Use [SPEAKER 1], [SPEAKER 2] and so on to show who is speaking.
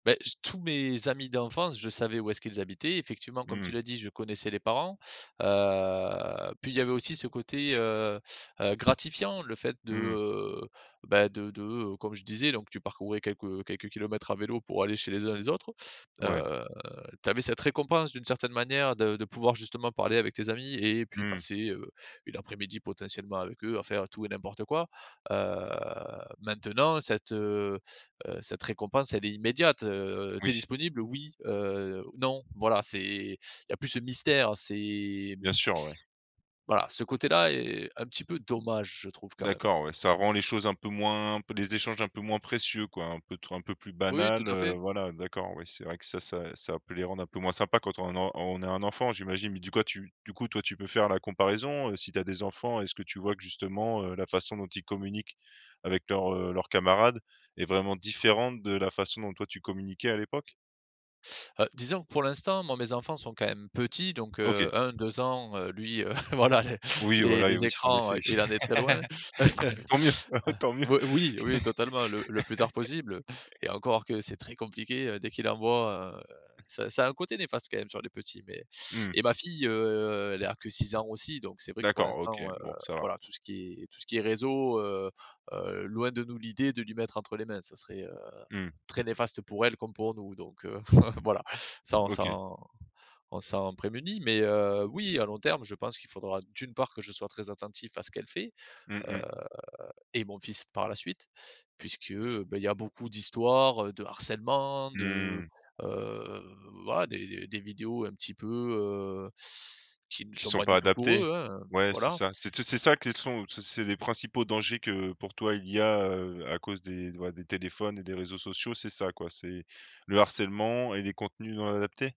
[SPEAKER 1] Beh j tous mes amis d'enfance, je savais où est-ce qu'ils habitaient. Effectivement comme tu
[SPEAKER 2] Mmh.
[SPEAKER 1] l'as dit, je connaissais les parents, heu, puis il y avait aussi ce côté, heu heu, gratifiant. Le fait de,
[SPEAKER 2] Mmh.
[SPEAKER 1] heu, bah, de de, heu, comme je disais donc tu parcourais quelques, heu, quelques kilomètres à vélo pour aller chez les uns, les autres.
[SPEAKER 2] Ouais.
[SPEAKER 1] Heu, tu avais cette récompense d'une certaine manière de de pouvoir justement parler avec tes amis et puis
[SPEAKER 2] Mmh.
[SPEAKER 1] passer, heu, une après-midi potentiellement avec eux, à faire tout et n'importe quoi. Heu, maintenant cette, heu heu, cette récompense elle est immédiate. Heu, tu es
[SPEAKER 2] Oui.
[SPEAKER 1] disponible? «Oui», heu, «non» voilà c'est il y a plus ce mystère, heu, c'est
[SPEAKER 2] Bien sûr, ouais.
[SPEAKER 1] voilà ce côté-là est un petit peu dommage je trouve quand même.
[SPEAKER 2] D'accord, ouais, ça rend les choses un peu moins peu les échanges un peu moins précieux quoi, un peu trop un peu plus
[SPEAKER 1] Oui, tout
[SPEAKER 2] banals
[SPEAKER 1] à
[SPEAKER 2] heu,
[SPEAKER 1] fait.
[SPEAKER 2] voilà. D'accord, oui c'est vrai que ça ça, ça peut les rendre un peu moins sympa quand on a en on a un enfant j'imagine. Mais du quoi tu du coup, toi tu peux faire la comparaison, heu, si tu as des enfants. Est-ce que tu vois que justement, heu, la façon dont ils communiquent avec leurs, heu, leurs camarades est vraiment différente de la façon dont toi tu communiquais à l'époque?
[SPEAKER 1] Heu, disons que pour l'instant, moi mes enfants sont quand même petits donc heu,
[SPEAKER 2] OK.
[SPEAKER 1] 1-2 ans, lui, heu, voilà les
[SPEAKER 2] Oui,
[SPEAKER 1] les
[SPEAKER 2] voilà, et
[SPEAKER 1] les
[SPEAKER 2] oui en
[SPEAKER 1] écrans,
[SPEAKER 2] effet.
[SPEAKER 1] heu, il en est très loin.
[SPEAKER 2] Tant mieux, bah ouais tant mieux.
[SPEAKER 1] Heu, oui, oui, oui totalement, le le plus tard possible. Et encore que c'est très compliqué, heu, dès qu'il en voit, heu, ça ça a un côté néfaste quand même, sur les petits mais
[SPEAKER 2] Mmh.
[SPEAKER 1] et ma fille, heu, elle a que 6 ans aussi, donc c'est vrai que pour
[SPEAKER 2] D'accord OK,
[SPEAKER 1] l'instant, heu,
[SPEAKER 2] bon ça va.
[SPEAKER 1] voilà tout ce qui est tout ce qui est réseau, heu heu, loin de nous l'idée de lui mettre entre les mains. Ça serait, heu,
[SPEAKER 2] Mmh.
[SPEAKER 1] très néfaste pour elle comme pour nous. Donc heu, voilà s'en
[SPEAKER 2] OK.
[SPEAKER 1] s'en on s'en prémunit. Mais heu, oui à long terme, je pense qu'il faudra d'une part que je sois très attentif à ce qu'elle fait.
[SPEAKER 2] Mmh
[SPEAKER 1] Heu
[SPEAKER 2] mh.
[SPEAKER 1] et mon fils par la suite, puisque, bah, il y a beaucoup d'histoires, heu, de harcèlement, de
[SPEAKER 2] Mmh.
[SPEAKER 1] heu, voilà, des des des vidéos un petit peu heu, qui ne
[SPEAKER 2] Qui
[SPEAKER 1] sont
[SPEAKER 2] sont
[SPEAKER 1] pas
[SPEAKER 2] pas
[SPEAKER 1] du tout pour
[SPEAKER 2] adaptés.
[SPEAKER 1] eux hein,
[SPEAKER 2] Ouais c'est
[SPEAKER 1] voilà.
[SPEAKER 2] ça. C'est tout c'est ça qu'ils sont c'est c'est les principaux dangers que pour toi il y a, heu, à cause des, ouais, des téléphones et des réseaux sociaux, c'est ça quoi. C'est le harcèlement et les contenus non adaptés?